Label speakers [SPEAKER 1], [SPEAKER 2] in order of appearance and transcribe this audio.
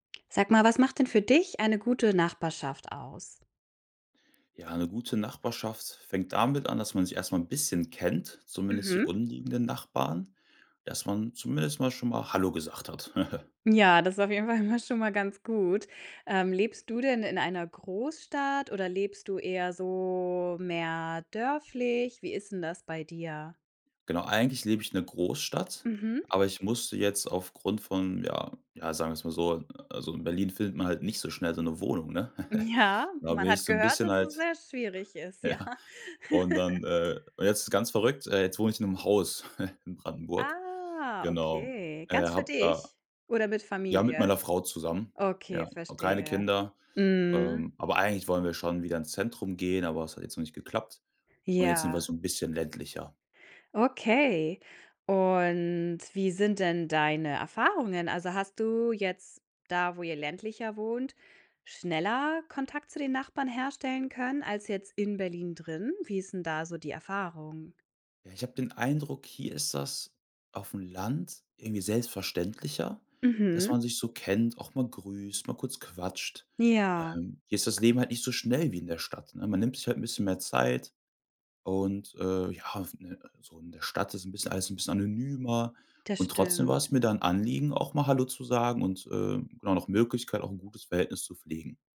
[SPEAKER 1] Sag mal, was macht denn für dich eine gute Nachbarschaft aus?
[SPEAKER 2] Ja, 'ne gute Nachbarschaft fängt damit an, dass man sich erst mal 'n bisschen kennt, zumindest die
[SPEAKER 1] Mhm.
[SPEAKER 2] umliegenden Nachbarn, dass man zumindest mal schon mal hallo gesagt hat.
[SPEAKER 1] Ja, das ist auf jeden Fall immer schon mal ganz gut. Ähm, lebst du denn in einer Großstadt oder lebst du eher so mehr dörflich? Wie ist 'n das bei dir?
[SPEAKER 2] Genau, eigentlich lebe ich 'ner Großstadt,
[SPEAKER 1] Mhm.
[SPEAKER 2] aber ich musste jetzt aufgrund von ja ja, sagen wir's mal so, also, in Berlin findet man halt nicht so schnell so 'ne Wohnung, ne?
[SPEAKER 1] Ja,
[SPEAKER 2] Da
[SPEAKER 1] man
[SPEAKER 2] bin ich
[SPEAKER 1] hat
[SPEAKER 2] so 'n
[SPEAKER 1] gehört,
[SPEAKER 2] bisschen
[SPEAKER 1] dass es
[SPEAKER 2] halt
[SPEAKER 1] sehr schwierig ist, ja.
[SPEAKER 2] ja. Und dann, äh und jetzt ganz verrückt, äh, jetzt wohne ich in 'nem Haus in Brandenburg.
[SPEAKER 1] Ah,
[SPEAKER 2] Genau,
[SPEAKER 1] okay,
[SPEAKER 2] äh,
[SPEAKER 1] ganz für
[SPEAKER 2] habe da
[SPEAKER 1] dich? Oder mit
[SPEAKER 2] ja, mit
[SPEAKER 1] Familie?
[SPEAKER 2] meiner Frau zusammen,
[SPEAKER 1] Okay,
[SPEAKER 2] ja. Habe keine
[SPEAKER 1] verstehe.
[SPEAKER 2] Kinder,
[SPEAKER 1] Mhm.
[SPEAKER 2] ähm, aber eigentlich wollen wir schon wieder ins Zentrum gehen, aber das hat jetzt noch nicht geklappt, und jetzt sind wir
[SPEAKER 1] Ja.
[SPEAKER 2] so 'n bisschen ländlicher.
[SPEAKER 1] Okay, und wie sind denn deine Erfahrungen? Also, hast du jetzt da, wo ihr ländlicher wohnt, schneller Kontakt zu den Nachbarn herstellen können als jetzt in Berlin drin? Wie ist 'n da so die Erfahrung?
[SPEAKER 2] Ja, ich habe den Eindruck, hier ist das auf'm Land irgendwie selbstverständlicher, dass man
[SPEAKER 1] Mhm.
[SPEAKER 2] sich so kennt, auch mal grüßt, mal kurz quatscht.
[SPEAKER 1] Ja.
[SPEAKER 2] Ähm, hier ist das Leben halt nicht so schnell wie in der Stadt, ne? Man nimmt sich halt 'n bisschen mehr Zeit und, äh, ja, auf 'ne so in der Stadt ist 'n bisschen alles 'n bisschen anonymer
[SPEAKER 1] Das
[SPEAKER 2] und trotzdem war's
[SPEAKER 1] stimmt.
[SPEAKER 2] mir da 'n Anliegen, auch mal hallo zu sagen und, äh, genau, nach Möglichkeit, auch 'n gutes Verhältnis zu pflegen.